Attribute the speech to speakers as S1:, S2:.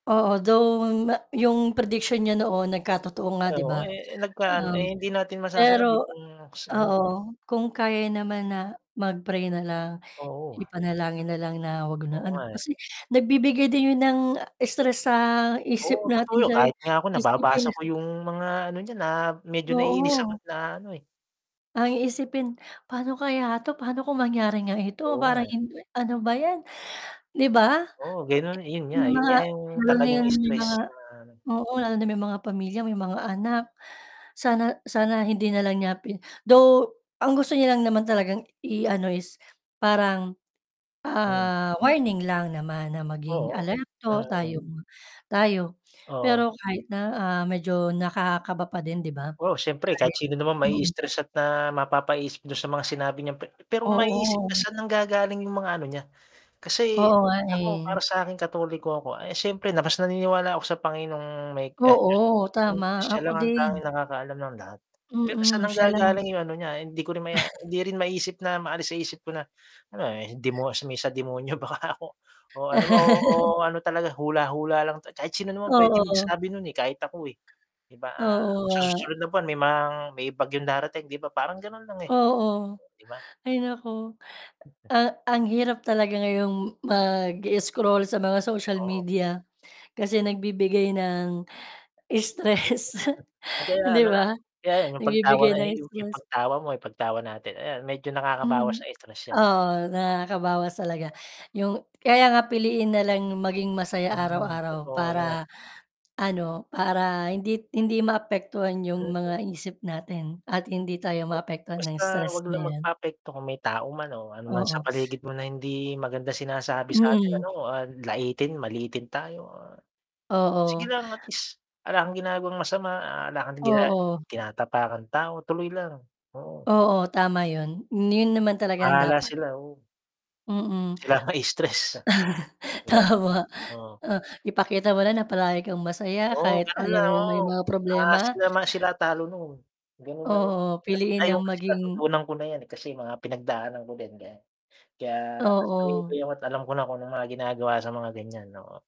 S1: Oo, though ma 'yong prediction niya noon nagkatotoo nga 'di
S2: Oo,
S1: ba,
S2: eh, nagkaan eh,
S1: um,
S2: hindi natin masasabi
S1: pero
S2: kung ano.
S1: oo, kung kaya naman na mag-pray na lang
S2: Oo.
S1: ipanalangin na lang na huwag
S2: Oo
S1: na ano,
S2: nga eh.
S1: kasi nagbibigay din 'yon ng stress sa isip
S2: Oo, totoo
S1: natin
S2: yun,
S1: sa
S2: kahit nga ako
S1: isipin
S2: nababasa ko yung mga ano niya, na medyo naiinis
S1: Oo.
S2: ako't naaano eh.
S1: Ang iisipin, "Paano kaya 'to paano kung mangyari nga ito
S2: Oo nga
S1: parang
S2: eh.
S1: ano ba 'yan." 'Di ba
S2: Oo, ganon, yun nga,
S1: may
S2: yun
S1: mga
S2: nga yung
S1: lalo na
S2: talagang
S1: 'yon may mga
S2: stress na
S1: oo, lalo na may mga pamilya, may mga anak, sana sana hindi na lang niya pi though ang gusto niya lang naman talagang i ano is parang,
S2: Mm.
S1: ah, warning lang naman na maging
S2: Oo,
S1: alerto tayo
S2: mm.
S1: tayo
S2: Oo.
S1: pero kahit na, ah, medyo nakakakaba pa din 'di ba
S2: Oo, siyempre kahit
S1: kahit
S2: sino naman
S1: mm.
S2: ma-istress at na mapapaisip dun sa mga sinabi niyang pe pero maiisip na
S1: Oo.
S2: saan nanggagaling yung mga ano niya, kasi
S1: Oo nga
S2: ako para
S1: eh.
S2: sa'kin Katoliko ako ay siyempre na naniniwala ako sa Panginoong may
S1: Oo,
S2: [unintelligible]
S1: tama
S2: siya
S1: ako
S2: lang ang
S1: din.
S2: tanging nakakaalam ng lahat pero saan
S1: Mm, siya lang.
S2: nanggagaling yung ano, niya hindi ko rin ma hindi rin maisip na maalis sa isip ko na ano demo may sa demonyo baka ako o ano ba, oo, oo ano talaga hula hula lang. Kahit sino naman pwede
S1: Oo.
S2: magsabi nun eh, kahit ako eh, di ba, ah,
S1: Oo
S2: sa
S1: nga.
S2: susunod na buwan, may mang may bagyo darating, 'di ba, parang ganon lang eh,
S1: Oo.
S2: 'di ba?
S1: Ay naku, ah, ang hirap talaga ngayong mag-scroll sa mga social
S2: Oo.
S1: media kasi nagbibigay ng stress, di
S2: [unintelligible]
S1: ba,
S2: kaya yun yung pagtawa
S1: nagbibigay
S2: na
S1: ng
S2: yu yung
S1: stress.
S2: pagtawa mo ay pagtawa natin ayan, medyo nakakabawas sa
S1: Mm,
S2: stress yan eh.
S1: oo, nakakabawas talaga, yung kaya nga piliin nalang maging masaya
S2: Hmm,
S1: araw-araw
S2: totoo yan.
S1: para ano, para hindi hindi maapektuhan yung
S2: [unintelligible]
S1: mga isip natin at hindi tayo
S2: O,
S1: maapektuhan ng
S2: basta
S1: stress
S2: wag
S1: na
S2: lang
S1: yan.
S2: magpaapekto kung may tao man o ano naman sa
S1: Oo.
S2: paligid mo na hindi maganda sinasabi sa'tin ano,
S1: Mm.
S2: ah, laitin, maliitin tayo, ah, sige
S1: Oo.
S2: lang at least, ala kang ginagawang masama, ah, ala kang gina
S1: Oo.
S2: tinatapakang tao, tuloy lang, oo.
S1: Oo, tama yun, yun naman talaga ang
S2: Bahala
S1: dapat.
S2: sila, oo.
S1: Mm.
S2: Sila ang ma-stress 'di ba
S1: tama,
S2: oo.
S1: o, ipakita mo na na palagi kang masaya
S2: Oo
S1: kahit
S2: ganon
S1: alam
S2: lang
S1: mong may
S2: oo,
S1: mga
S2: ah,
S1: problema.
S2: sila mas sila talo nun ganun lang yun
S1: Oo piliin
S2: ngayon
S1: lang
S2: kasi
S1: maging
S2: natutunan ko na yan eh, kasi mga pinagdaanan ko din ganyan. Kaya mas tumibay
S1: Oo.
S2: ako't alam ko na kung anong mga ginagawa sa mga ganyan, oo.